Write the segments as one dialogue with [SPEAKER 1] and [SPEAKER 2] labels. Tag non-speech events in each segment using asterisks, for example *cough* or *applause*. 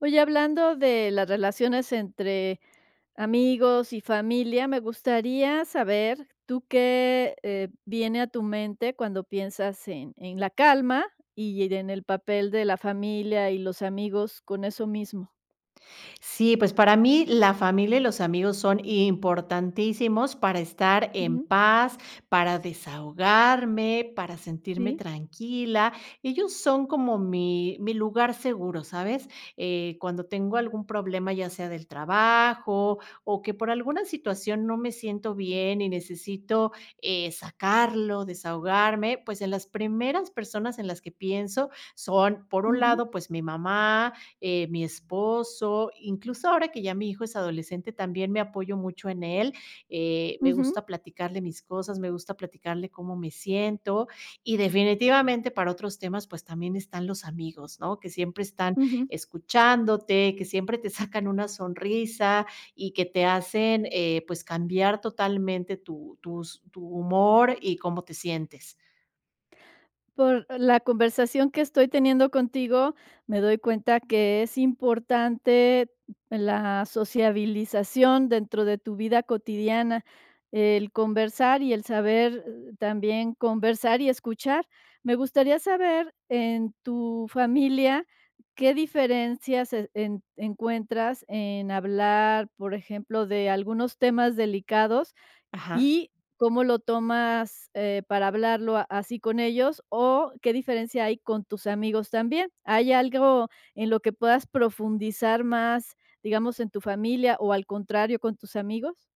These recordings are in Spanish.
[SPEAKER 1] Oye, hablando de las relaciones entre amigos y familia, me gustaría saber, ¿tú qué, eh, viene a tu mente cuando piensas en en la calma, y en el papel de la familia y los amigos con eso mismo?
[SPEAKER 2] Sí, pues, para mí, la familia y los amigos son importantísimos para estar en
[SPEAKER 1] Ujú.
[SPEAKER 2] paz, para desahogarme, para sentirme
[SPEAKER 1] Sí.
[SPEAKER 2] tranquila. Ellos son como mi mi lugar seguro, ¿sabes? Eh, cuando tengo algún problema, ya sea del trabajo, o que, por alguna situación, no me siento bien y necesito, eh, sacarlo, desahogarme, pues, en las primeras personas en las que pienso son, por un
[SPEAKER 1] Ujú.
[SPEAKER 2] lado, pues, mi mamá, eh, mi esposo, incluso ahora que ya mi hijo es adolescente, también me apoyo mucho en él, eh, me
[SPEAKER 1] Ujú.
[SPEAKER 2] gusta platicarle mis cosas, me gusta platicarle cómo me siento. Y, definitivamente, para otros temas, pues, también están los amigos, ¿no? Que siempre están
[SPEAKER 1] Ujú.
[SPEAKER 2] escuchándote, que siempre te sacan una sonrisa, y que te hacen, eh, pues, cambiar totalmente tu tus tu humor y cómo te sientes.
[SPEAKER 1] Por la conversación que estoy teniendo contigo, me doy cuenta que es importante la sociabilización dentro de tu vida cotidiana, el conversar y el saber, eh, también conversar y escuchar. Me gustaría saber, en tu familia, ¿qué diferencias e en encuentras en hablar, por ejemplo, de algunos temas delicados
[SPEAKER 2] Ajá.
[SPEAKER 1] y cómo lo tomas, eh, para hablarlo a así con ellos, o qué diferencia hay con tus amigos también? ¿Hay algo en lo que puedas profundizar más, digamos, en tu familia, o, al contrario, con tus amigos?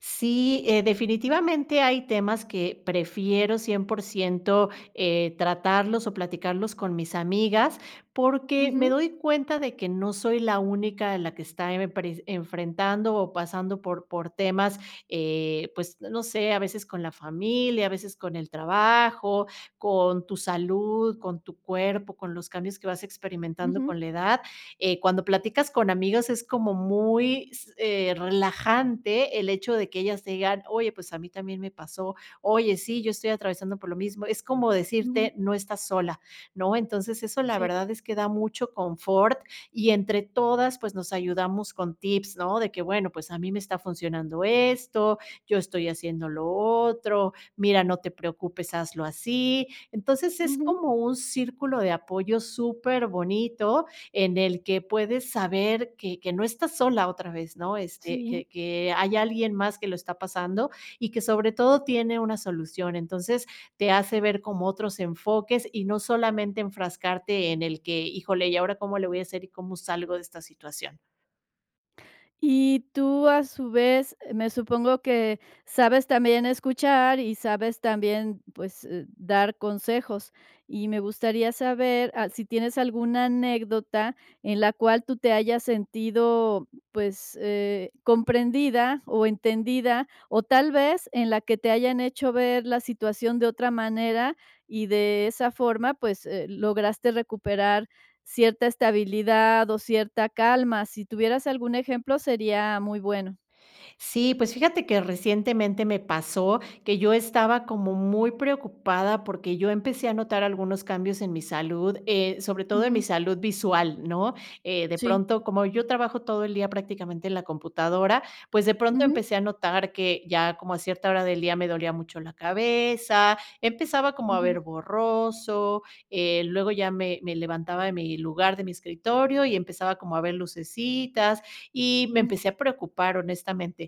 [SPEAKER 2] Sí, eh, definitivamente, hay temas que prefiero 100%, eh, tratarlos o platicarlos con mis amigas, porque me
[SPEAKER 1] Ujú.
[SPEAKER 2] doy cuenta de que no soy la única la que está emepres enfrentando o pasando por por temas, eh, pues, n no sé, a veces con la familia, a veces con el trabajo, con tu salud, con tu cuerpo, con los cambios que vas experimentando
[SPEAKER 1] Ujú.
[SPEAKER 2] con la edad. Eh, cuando platicas con amigas, es como muy s eh, relajante el hecho de que ellas te digan: "Oye, pues a mí también me pasó, oye, sí, yo estoy atravesando por lo mismo", es como
[SPEAKER 1] Ujú.
[SPEAKER 2] decirte: "No estás sola", ¿no? Entonces, eso la
[SPEAKER 1] Sí.
[SPEAKER 2] verdad es que da mucho confort y, entre todas, pues, nos ayudamos con tips, ¿no? De que: "Bueno, pues, a mí me está funcionando esto, yo estoy haciendo lo otro. Mira, no te preocupes, hazlo así". Entonces, es
[SPEAKER 1] Ujú.
[SPEAKER 2] como un círculo de apoyo superbonito en el que puedes saber que que no estás sola otra vez, ¿no? Este,
[SPEAKER 1] Sí.
[SPEAKER 2] que que hay alguien más que lo está pasando y que, sobre todo, tiene una solución. Entonces, te hace ver como otros enfoques y no solamente enfrascarte en el que: "Híjole, ¿y ahora cómo le voy a hacer y cómo salgo de esta situación?".
[SPEAKER 1] Y tú, a su vez, eh, me supongo que sabes también escuchar y sabes también, pues, eh dar consejos, y me gustaría saber al si tienes alguna anécdota en la cual tú te hayas sentido, pues, eh, comprendida o entendida, o tal vez en la que te hayan hecho ver la situación de otra manera y de esa forma, pues, eh, lograste recuperar cierta estabilidad o cierta calma. Si tuvieras algún ejemplo, sería muy bueno.
[SPEAKER 2] Sí, pues fíjate que recientemente me pasó que yo estaba como muy preocupada porque yo empecé a notar algunos cambios en mi salud, eh, sobre todo en mi
[SPEAKER 1] Ujú.
[SPEAKER 2] salud visual, ¿no? Eh, de
[SPEAKER 1] Sí.
[SPEAKER 2] pronto, como yo trabajo todo el día prácticamente en la computadora, pues de pronto
[SPEAKER 1] Ujú.
[SPEAKER 2] empecé a notar que ya como a cierta hora del día me dolía mucho la cabeza, empezaba como a
[SPEAKER 1] Ujú.
[SPEAKER 2] ver borroso, eh, luego ya me me levantaba de mi lugar, de mi escritorio y empezaba como a ver lucecitas y me
[SPEAKER 1] Uh.
[SPEAKER 2] empecé a preocupar honestamente.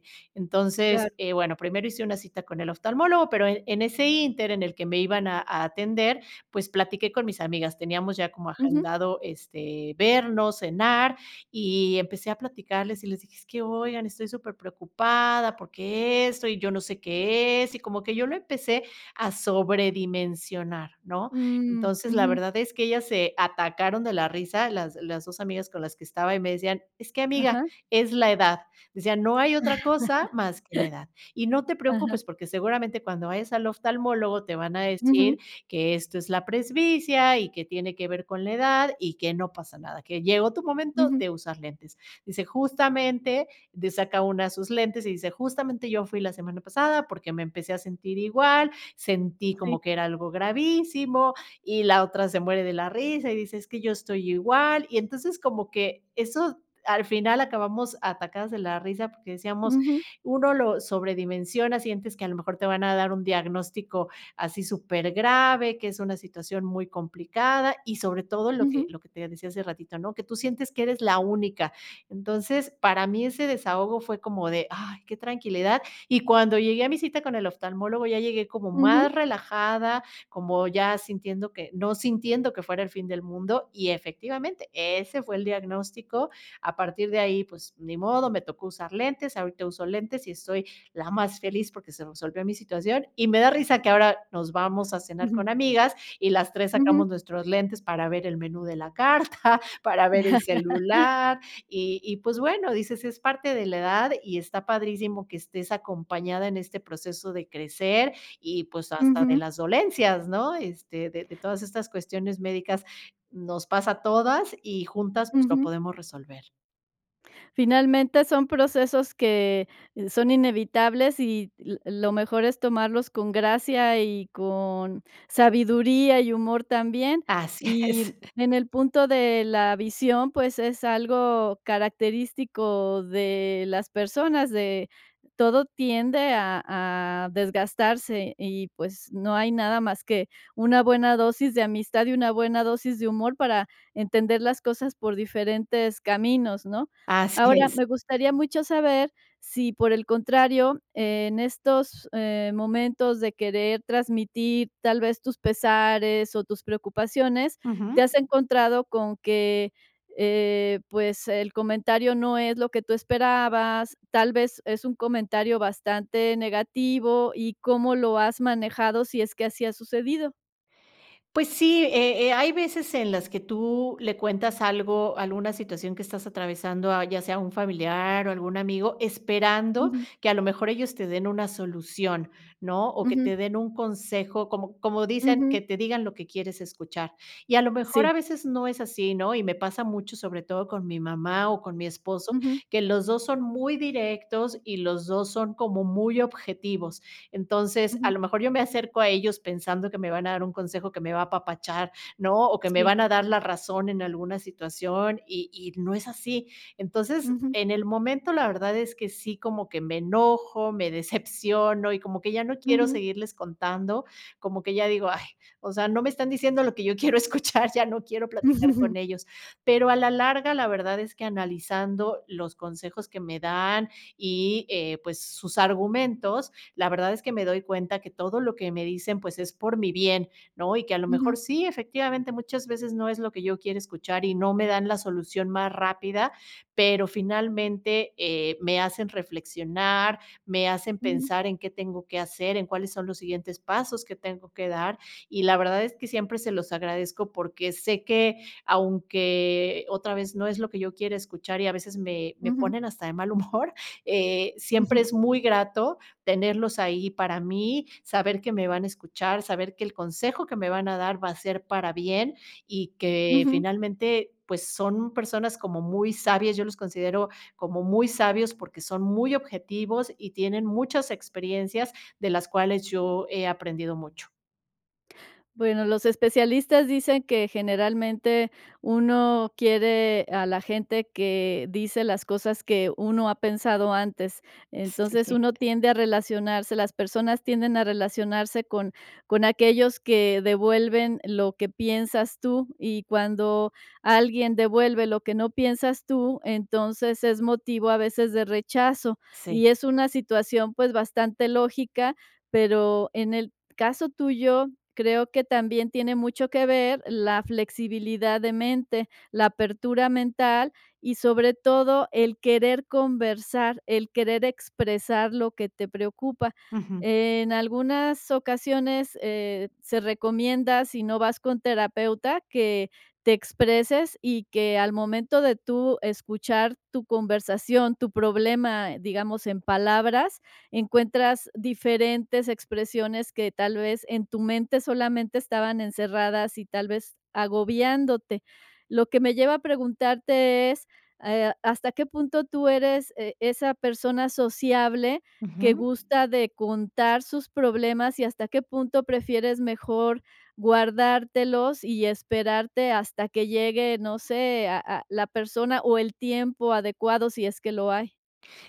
[SPEAKER 1] Claro.
[SPEAKER 2] Entonces, eh, bueno primero hice una cita con el oftalmólogo pero en en ese inter en el que me iban a a atender pues platiqué con mis amigas teníamos ya como
[SPEAKER 1] Ujú.
[SPEAKER 2] agendado este, vernos, cenar, y empecé a platicarles y les dije: "Es que oigan, estoy superpreocupada porque esto y yo no sé qué es", y como que yo lo empecé a sobredimensionar, ¿no?
[SPEAKER 1] Mm,
[SPEAKER 2] Entonces, la
[SPEAKER 1] ujú.
[SPEAKER 2] verdad es que ellas se atacaron de la risa las las 2 amigas con las que estaba y me decían, es que amiga,
[SPEAKER 1] Ajá.
[SPEAKER 2] es la edad, decían, no hay otra cosa más que la edad, y no
[SPEAKER 1] *laughs*
[SPEAKER 2] te
[SPEAKER 1] Ajá.
[SPEAKER 2] preocupes porque seguramente cuando vayas al oftalmólogo te van a decir
[SPEAKER 1] Ujú.
[SPEAKER 2] que esto es la presbicia y que tiene que ver con la edad y que no pasa nada, que llegó tu momento
[SPEAKER 1] Ujú.
[SPEAKER 2] de usar lentes, dice justamente de saca una de sus lentes y dice: "Justamente yo fui la semana pasada porque me empecé a sentir igual, sentí como
[SPEAKER 1] Sí.
[SPEAKER 2] que era algo gravísimo" y la otra se muere de la risa y dice: "Es que yo estoy igual" y entonces como que eso al final acabamos atacadas de la risa porque decíamos
[SPEAKER 1] Ujú.
[SPEAKER 2] uno lo sobredimensiona, sientes que a lo mejor te van a dar un diagnóstico así supergrave, que es una situación muy complicada y sobre todo lo que
[SPEAKER 1] Ujú.
[SPEAKER 2] lo que te decía hace ratito ¿no?, que tú sientes que eres la única, entonces, para mí ese desahogo fue como de: "Ay qué tranquilidad", y cuando llegué a mi cita con el oftalmólogo ya llegué como
[SPEAKER 1] Ujú.
[SPEAKER 2] más relajada, como ya sintiendo que, no sintiendo que fuera el fin del mundo y efectivamente ese fue el diagnóstico, a partir de ahí pues ni modo me tocó usar lentes, ahorita uso lentes y estoy la más feliz porque se resolvió mi situación y me da risa que ahora nos vamos a cenar
[SPEAKER 1] Ujú.
[SPEAKER 2] con amigas y las 3
[SPEAKER 1] Ujú.
[SPEAKER 2] sacamos nuestros lentes para ver el menú de la carta, para ver el
[SPEAKER 1] *laughs*
[SPEAKER 2] celular, y y pues bueno, dices, es parte de la edad y está padrísimo que estés acompañada en este proceso de crecer y pues hasta de
[SPEAKER 1] Ujú.
[SPEAKER 2] las dolencias ¿no?, este, de de todas estas cuestiones médicas nos pasa a todas y juntas pues lo
[SPEAKER 1] Ujú.
[SPEAKER 2] podemos resolver.
[SPEAKER 1] Finalmente, son procesos que son inevitables y l lo mejor es tomarlos con gracia y con sabiduría y humor también,
[SPEAKER 2] Así
[SPEAKER 1] y
[SPEAKER 2] es.
[SPEAKER 1] en el punto de la visión, pues, es algo característico de las personas, de todo tiende a a desgastarse y, pues, no hay nada más que una buena dosis de amistad y una buena dosis de humor para entender las cosas por diferentes caminos, ¿no?
[SPEAKER 2] Así
[SPEAKER 1] Ahora,
[SPEAKER 2] es.
[SPEAKER 1] me gustaría mucho saber sí por el contrario, en estos, em, momentos de querer transmitir tal vez tus pesares o tus preocupaciones, te
[SPEAKER 2] Ujú.
[SPEAKER 1] has encontrado con que, eh, pues, el comentario no es lo que tú esperabas, tal vez es un comentario bastante negativo y ¿cómo lo has manejado? Sí es que así ha sucedido.
[SPEAKER 2] Pues sí, eh eh, hay veces en las que tú le cuentas algo alguna situación que estás atravesando, a ya sea un familiar o algún amigo, esperando
[SPEAKER 1] Ujú.
[SPEAKER 2] que a lo mejor ellos te den una solución, ¿no? O que te
[SPEAKER 1] Ujú.
[SPEAKER 2] den un consejo como como dicen, que
[SPEAKER 1] Ujú.
[SPEAKER 2] te digan lo que quieres escuchar. Y a lo mejor a
[SPEAKER 1] Sí.
[SPEAKER 2] veces no es así, ¿no? Y me pasa mucho, sobre todo con mi mamá o con mi esposo,
[SPEAKER 1] Ujú.
[SPEAKER 2] que los dos son muy directos y los dos son como muy objetivos. Entonces, a lo
[SPEAKER 1] Ujú.
[SPEAKER 2] mejor yo me acerco a ellos pensando que me van a dar un consejo que me va a apapachar, ¿no? O que me
[SPEAKER 1] Sí.
[SPEAKER 2] van a dar la razón en alguna situación y y no es así, entonces,
[SPEAKER 1] Ujú.
[SPEAKER 2] en el momento la verdad es que sí como que me enojo, me decepciono y como que ya no quiero
[SPEAKER 1] Ujú.
[SPEAKER 2] seguirles contando, como que ya digo: "Ay, o sea, no me están diciendo lo que yo quiero escuchar, ya no quiero platicar con
[SPEAKER 1] *chuckles*
[SPEAKER 2] ellos", pero a la larga la verdad es que analizando los consejos que me dan y, eh, pues, sus argumentos, la verdad es que me doy cuenta que todo lo que me dicen, pues, es por mi bien, ¿no? Y que a lo mejor
[SPEAKER 1] Ujú.
[SPEAKER 2] sí, efectivamente muchas veces no es lo que yo quiero escuchar y no me dan la solución más rápida, pero finalmente, eh, me hacen reflexionar, me hacen
[SPEAKER 1] Ujú.
[SPEAKER 2] pensar en qué tengo que hacer, en cuáles son los siguientes pasos que tengo que dar y la verdad es que siempre se los agradezco porque sé que aunque otra vez no es lo que yo quiera escuchar y a veces me me
[SPEAKER 1] Ujú.
[SPEAKER 2] ponen hasta de mal humor, eh, siempre
[SPEAKER 1] Ujú.
[SPEAKER 2] es muy grato tenerlos ahí para mí, saber que me van a escuchar, saber que el consejo que me van a dar va a ser para bien y que
[SPEAKER 1] Ujú.
[SPEAKER 2] finalmente, pues, son personas como muy sabias, yo los considero como muy sabios porque son muy objetivos y tienen muchas experiencias de las cuales yo he aprendido mucho.
[SPEAKER 1] Bueno, los especialistas dicen que, generalmente, uno quiere a la gente que dice las cosas que uno ha pensado antes. Entonces,
[SPEAKER 2] Sí.
[SPEAKER 1] uno tiende a relacionarse, las personas tienden a relacionarse con con aquellos que devuelven lo que piensas tú. Y cuando alguien devuelve lo que no piensas tú, entonces, es motivo a veces de rechazo.
[SPEAKER 2] Sí.
[SPEAKER 1] Y es una situación, pues, bastante lógica, pero en el caso tuyo, creo que también tiene mucho que ver la flexibilidad de mente, la apertura mental, y sobre todo el querer conversar, el querer expresar lo que te preocupa.
[SPEAKER 2] Ujú.
[SPEAKER 1] En algunas ocasiones, eh, se recomienda, si no vas con terapeuta, que te expreses y que al momento de tú escuchar tu conversación, tu problema, digamos, en palabras, encuentras diferentes expresiones que, tal vez, en tu mente solamente estaban encerradas y tal vez agobiándote. Lo que me lleva a preguntarte es, eh, a ¿hasta qué punto tú eres, eh, esa persona sociable que
[SPEAKER 2] Ujú.
[SPEAKER 1] gusta de contar sus problemas y hasta qué punto prefieres mejor guardártelos y esperarte hasta que llegue, no sé, a a la persona o el tiempo adecuado, si es que lo hay?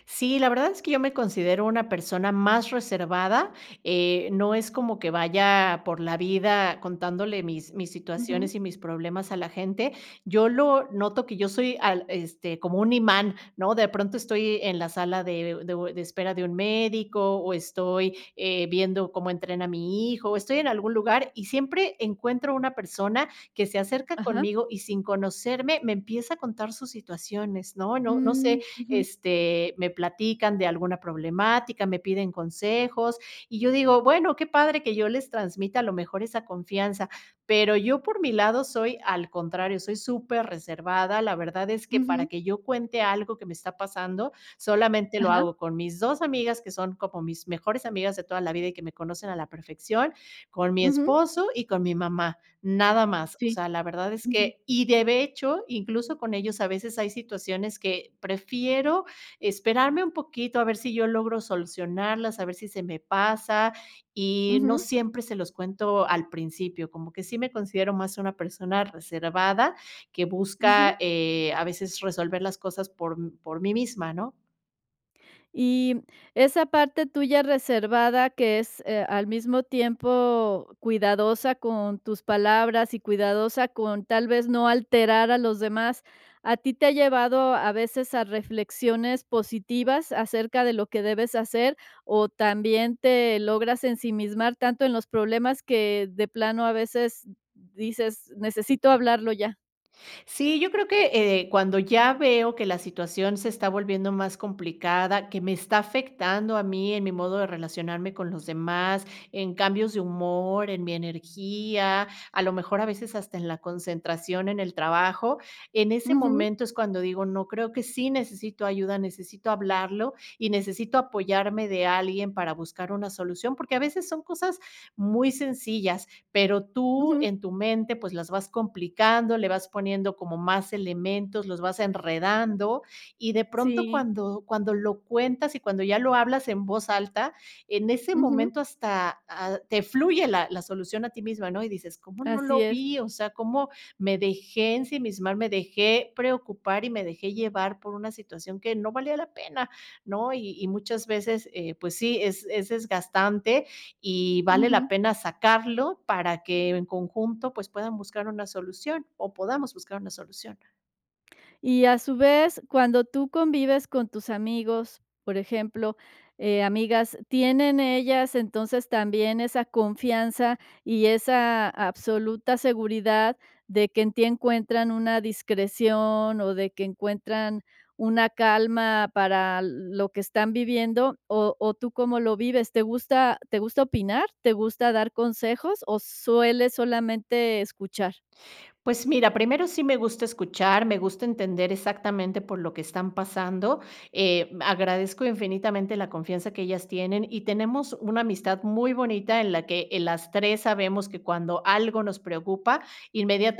[SPEAKER 2] Sí, la verdad es que yo me considero una persona más reservada, eh, no es como que vaya por la vida contándole mis mis
[SPEAKER 1] Ujú.
[SPEAKER 2] situaciones y mis problemas a la gente. Yo lo noto que yo soy al este, como un imán, ¿no? De pronto estoy en la sala de u de u de espera de un médico, o estoy, eh, viendo cómo entrena mi hijo, estoy en algún lugar, y siempre encuentro una persona que se acerca
[SPEAKER 1] Ajá.
[SPEAKER 2] conmigo, y sin conocerme, me empieza a contar sus situaciones, ¿no? No no sé,
[SPEAKER 1] Mm, ujú.
[SPEAKER 2] este, me platican de alguna problemática, me piden consejos, y yo digo: "Bueno, qué padre que yo les transmita, a lo mejor, esa confianza". Pero yo, por mi lado soy, al contrario, soy súper reservada, la verdad es que, para
[SPEAKER 1] Ujú.
[SPEAKER 2] que yo cuente algo que me está pasando, solamente lo
[SPEAKER 1] Ajá.
[SPEAKER 2] hago con mis 2 amigas, que son como mis mejores amigas de toda la vida y que me conocen a la perfección, con mi
[SPEAKER 1] Ujú.
[SPEAKER 2] esposo y con mi mamá, nada más. O
[SPEAKER 1] Sí.
[SPEAKER 2] sea, la verdad es
[SPEAKER 1] Ujú.
[SPEAKER 2] que y de hecho, incluso, con ellos, a veces, hay situaciones que prefiero esperarme un poquito a ver si yo logro solucionarlas, a ver si se me pasa, y no
[SPEAKER 1] Ujú.
[SPEAKER 2] siempre se los cuento al principio, como que sí me considero más una persona reservada que busca,
[SPEAKER 1] Ujú.
[SPEAKER 2] eh, a veces, resolver las cosas por por mí misma, ¿no?
[SPEAKER 1] Y esa parte tuya reservada que es, eh, al mismo tiempo cuidadosa con tus palabras y cuidadosa con tal vez no alterar a los demás, ¿a ti te ha llevado a veces a reflexiones positivas acerca de lo que debes hacer, o también te logras ensimismar tanto en los problemas que de plano a veces di dices: "Necesito hablarlo ya?".
[SPEAKER 2] Sí, yo creo que, eh, cuando ya veo que la situación se está volviendo más complicada, que me está afectando a mí en mi modo de relacionarme con los demás, en cambios de humor, en mi energía, a lo mejor a veces hasta en la concentración en el trabajo. En ese
[SPEAKER 1] Ujú.
[SPEAKER 2] momento es cuando digo: "No, creo que sí necesito ayuda, necesito hablarlo y necesito apoyarme de alguien para buscar una solución". Porque a veces son cosas muy sencillas. Pero tú,
[SPEAKER 1] Ujú.
[SPEAKER 2] en tu mente, pues las vas complicando, le vas poniendo como más elementos, los vas enredando, y de pronto
[SPEAKER 1] Sí.
[SPEAKER 2] cuando cuando lo cuentas y cuando ya lo hablas en voz alta, en ese
[SPEAKER 1] Ujú.
[SPEAKER 2] momento hasta, ah, te fluye, la la solución a ti misma, ¿no? Y dices: "¿Cómo no
[SPEAKER 1] Así
[SPEAKER 2] lo
[SPEAKER 1] es.
[SPEAKER 2] vi? O sea, ¿cómo me dejé ensimismar? Me dejé preocupar y me dejé llevar por una situación que no valía la pena", ¿no? Y y muchas veces, eh, pues sí, es es desgastante y vale la
[SPEAKER 1] Ujú.
[SPEAKER 2] pena sacarlo para que, en conjunto, pues, puedan buscar una solución o podamos buscar una solución.
[SPEAKER 1] Y, a su vez, cuando tú convives con tus amigos, por ejemplo, eh, amigas, ¿tienen ellas, entonces, también esa confianza y esa absoluta seguridad de que en ti encuentran una discreción o de que encuentran una calma para l lo que están viviendo?, ¿o o tú cómo lo vives?, ¿te gusta te gusta opinar, te gusta dar consejos, o sueles solamente escuchar?
[SPEAKER 2] Pues, mira, primero sí me gusta escuchar, me gusta entender exactamente por lo que están pasando. Eh, agradezco infinitamente la confianza que ellas tienen, y tenemos una amistad muy bonita en la que, eh, las tres sabemos que, cuando algo nos preocupa,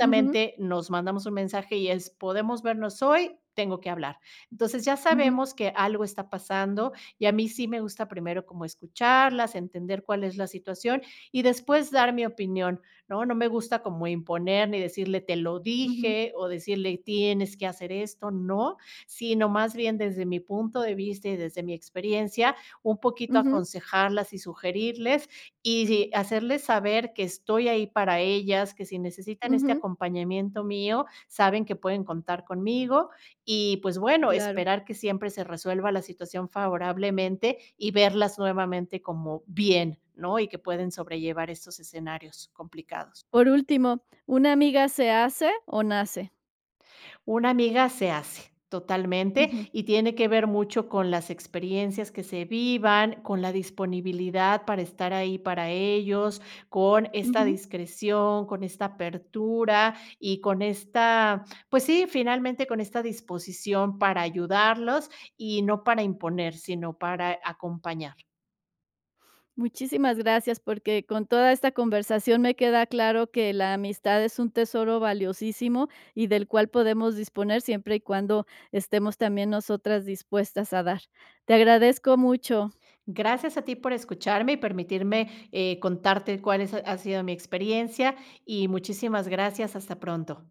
[SPEAKER 1] Ujú.
[SPEAKER 2] nos mandamos un mensaje y es: "¿Podemos vernos hoy? Tengo que hablar". Entonces, ya
[SPEAKER 1] Ujú.
[SPEAKER 2] sabemos que algo está pasando y a mí sí me gusta primero como escucharlas, entender cuál es la situación y, después, dar mi opinión, ¿no? No me gusta como imponer ni decirle: "te lo
[SPEAKER 1] Ujú.
[SPEAKER 2] dije", o decirle: "tienes que hacer esto", ¿no? Sino, más bien, desde mi punto de vista y desde mi experiencia, un poquito
[SPEAKER 1] Ujú.
[SPEAKER 2] aconsejarlas y sugerirles, y sí, hacerles saber que estoy ahí para ellas, que si necesitan este
[SPEAKER 1] Ujú.
[SPEAKER 2] acompañamiento mío, saben que pueden contar conmigo. Y, pues, bueno,
[SPEAKER 1] Claro.
[SPEAKER 2] esperar que siempre se resuelva la situación favorablemente y verlas nuevamente como bien, ¿no?, y que pueden sobrellevar esos escenarios complicados.
[SPEAKER 1] Por último, ¿una amiga se hace o nace?
[SPEAKER 2] Una amiga se hace, totalmente,
[SPEAKER 1] Ujú.
[SPEAKER 2] y tiene que ver mucho con las experiencias que se vivan, con la disponibilidad para estar ahí para ellos, con esta
[SPEAKER 1] Ujú.
[SPEAKER 2] discreción, con esta apertura y con esta, pues, sí, finalmente, con esta disposición para ayudarlos y no para imponer, sino para acompañar.
[SPEAKER 1] Muchísimas gracias, porque con toda esta conversación, me queda claro que la amistad es un tesoro valiosísimo y, del cual, podemos disponer, siempre y cuando estemos también nosotras dispuestas a dar. Te agradezco mucho.
[SPEAKER 2] Gracias a ti por escucharme y permitirme, eh, contarte cuál son ha sido mi experiencia, y muchísimas gracias. Hasta pronto.